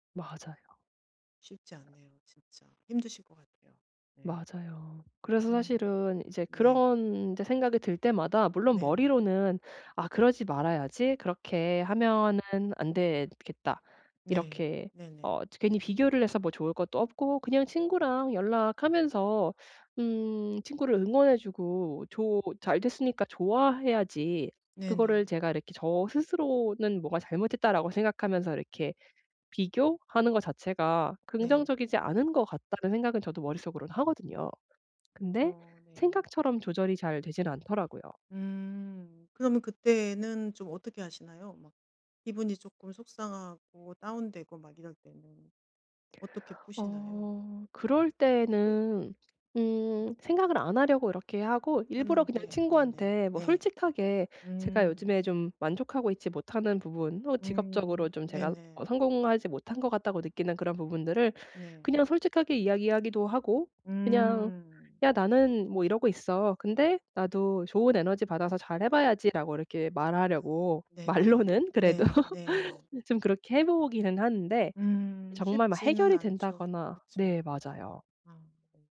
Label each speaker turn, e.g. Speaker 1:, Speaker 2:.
Speaker 1: 맞아요.
Speaker 2: 쉽지 않네요 진짜. 힘드실 것 같아요. 네.
Speaker 1: 맞아요. 그래서
Speaker 2: 음
Speaker 1: 사실은 이제
Speaker 2: 네.
Speaker 1: 그런 이제 생각이 들 때마다 물론
Speaker 2: 네.
Speaker 1: 머리로는 '아 그러지 말아야지. 그렇게 하면은 안 되겠다.
Speaker 2: 네.
Speaker 1: 이렇게 어
Speaker 2: 네네.
Speaker 1: 저 괜히 비교를 해서 뭐 좋을 것도 없고 그냥 친구랑 연락하면서 음 친구를 응원해 주고 조 잘 됐으니까 좋아해야지.' 그거를
Speaker 2: 네네.
Speaker 1: 제가 이렇게 저 스스로는 뭐가 '잘못했다.'라고 생각하면서 '이렇게 비교하는 거 자체가
Speaker 2: 네.
Speaker 1: 긍정적이지 않은 것 같다.'는 생각은 저도 머릿속으로는 하거든요. 근데
Speaker 2: 그쵸. 네.
Speaker 1: 생각처럼 조절이 잘 되진 않더라고요.
Speaker 2: 음. 그러면 그때는 좀 어떻게 하시나요? 막 기분이 쪼끔 속상하고 다운되고 막 이럴 때는 어떻게 푸시나요?
Speaker 1: 어 그럴 때에는 음 생각을 안 하려고 이렇게 하고 일부러 그냥
Speaker 2: 하는데 네네.
Speaker 1: 친구한테 뭐
Speaker 2: 네.
Speaker 1: 솔직하게 제가
Speaker 2: 음.
Speaker 1: 요즘에 좀 만족하고 있지 못 하는 부분 또 직업적으로
Speaker 2: 음
Speaker 1: 좀 제가 어
Speaker 2: 네네.
Speaker 1: 성공하지 못한 것 같다고 느끼는 그런 부분들을
Speaker 2: 네.
Speaker 1: 그냥 솔직하게 이야기하기도 하고. 그냥
Speaker 2: 음.
Speaker 1: '야 나는 뭐 이러고 있어. 근데 나도 좋은 에너지 받아서 잘해 봐야지.'라고 이렇게 말하려고
Speaker 2: 네네.
Speaker 1: 말로는 그래도
Speaker 2: 네 네.
Speaker 1: 네 좀 그렇게 해 보기는 하는데
Speaker 2: 음
Speaker 1: 정말 막
Speaker 2: 쉽지는
Speaker 1: 해결이
Speaker 2: 않죠.
Speaker 1: 된다거나 네
Speaker 2: 그쵸.
Speaker 1: 맞아요.
Speaker 2: 아. 네.